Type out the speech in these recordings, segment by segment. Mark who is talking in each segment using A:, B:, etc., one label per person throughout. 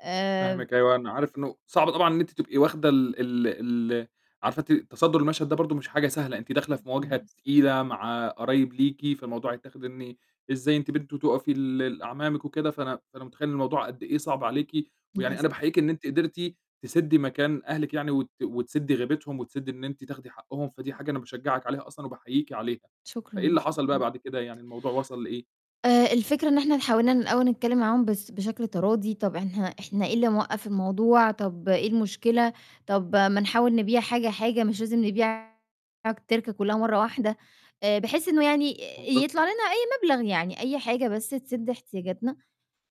A: آآ
B: فاهمِك أيوه، أنا عارف إنه صعب طبعًا إن أنتِ تبقي واخْدة ال ال ال عارفة إن أنتِ تَصدُّر المشهد ده برضه مش حاجة سهلة، أنتِ
A: لأ،
B: داخلة في مواجهة
A: خالص.
B: تقيلة مع قرايب ليكِ، فالموضوع هيتّاخِد إن إزاي أنتِ بنت تقَفي لل أعمامِك وكده فأنا فأنا مُتخيّل إن الموضوع قد إيه صَعب عليكِ، يعني
A: للأس
B: أنا باحييكِ إن أنتِ قدرتِ تسدّي مكان أهلِك يعني وت وتسدّي غيبتهم وتسدّي إن أنتِ تاخدي حقّهم. فدي حاجة أنا باشجعِك عليها أصلًا وباحييكِ عليها، فإيه
A: شكرًا،
B: اللي حصل بقى
A: شكرًا.
B: بعد كده يعني الموضوع وَصل لإيه؟
A: آآ، الفكرة إن إحنا حاولنا ن الأول نتكلّم معاهم بس بشكل تراضي. طَب إحنا- إحنا إيه اللي موقّف الموضوع، طَب إيه المشكلة، طَب ما نحاول نبيع حاجة، حاجة مش لازم نبيع التِركة كلّها مرّة واحدة، آآ، بحيث إنه يعني آآ يطلَع
B: منطقي.
A: لنا أي مبلغ يعني أي حاجة بس تسِد إحتياجاتنا،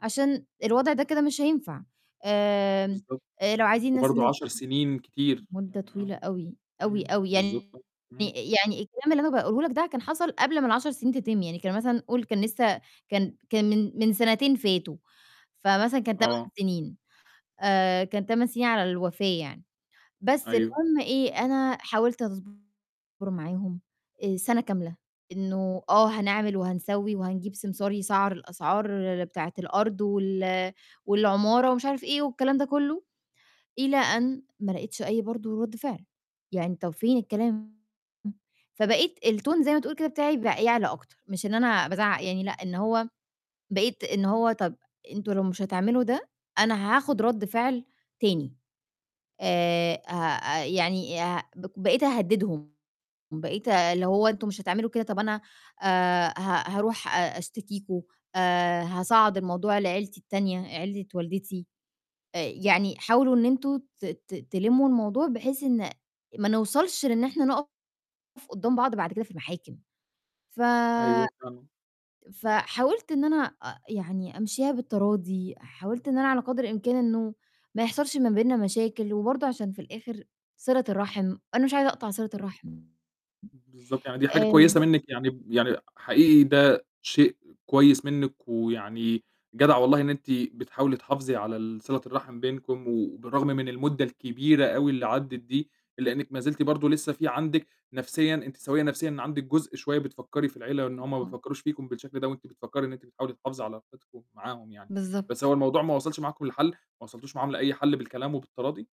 A: عشان الوضع ده كده مش هينفع. آمم،
B: بالضبط.
A: لو عايزين ناس
B: وبرضه
A: إن
B: 10 سِنين كتير.
A: مدّة
B: يعني آه.
A: طويلة أوي، أوي،
B: إمم.
A: أوي،
B: بالضبط،
A: يعني
B: آه. إمم.
A: يعني الكلام اللي أنا باقوله لك ده كان حصل قبل ما ال10 سِنين تِتِم يعني كان مثلًا قل كان لسه كان كان من من سَنتين فاتوا فمثلا كان 8
B: آه.
A: سِنين آآ كان 8 سِنين على الوفاة يعني. بس
B: أيوه.
A: المُهم إيه أنا حاولت أصبُر معاهم آآ سَنة كاملة إنه آه، هنعمل وهنسوّي وهنجيب سمسار يسعَّر الأسعار بتاعة الأرض وال والعمارة ومش عارف إيه والكلام ده كلّه، إلى أن ما لَقيتش أي برضه رَد فعل يعني طَب فين الكلام، فبقيت الtone زي ما تقول كده بتاعي بقى يعلى أكتر، مش إن أنا بازعّق يعني لأ، إن هو بقيت إن هو طَب أنتم لو مش هتعملوا ده أنا هاخُد رَد فعل تاني، آآ هأ يعني أه بق بقيت أهدّدهم، بقيت آآ اللي هو أنتم مش هتعملوا كده طَب أنا آآ ه هاروح أ أشتكيكم آآ هاصعّد الموضوع لعيلتي التانية، عيلة والدتي آآ يعني حاولوا إن أنتم ت ت تلمّوا الموضوع بحيث إن ما نوصَلش لإن إحنا نُقف قدّام بعض بعد كده في المحاكم ف
B: أيوه، فعلًا.
A: فحاولت إن أنا أ يعني أمشيها بالتراضي حاولت إن أنا على قدْر الإمكان إنه ما يحصلش ما بينّا مشاكل، وبرضه عشان في الآخر صِلة الرحم، أنا مش عايزة أقطع صِلة الرحم.
B: بالضبط، يعني دي حاجة
A: آمم
B: كويسة منِّك. يعني ب يعني حقيقي ده شيء كويس منِّك، ويعني جدعة والله إن أنتِ بتحاولي تحافظي على ال صِلة الرحم بينكم. وبالرغم من المدّة الكبيرة أو اللي عَدّت دي، إلّا إنِّك مازلتِ برضه لسه في عندِك نَفْسيًا أنتِ سويّة نَفْسيًا، إن عندِك جزء شوية بتفكّري في العيلة إن
A: إمم،
B: هُم ما
A: آه.
B: بيفكّروش فيكم بالشكل ده وأنتِ بتفكّري إن أنتِ بتحاولي تحافظي على علاقتكُم معاهم يعني.
A: بالضبط.
B: بس هو الموضوع ما وَصلش معاكم لحَل، ما وَصلتوش معاهم لأي حَل بالكلام وبالتراضي؟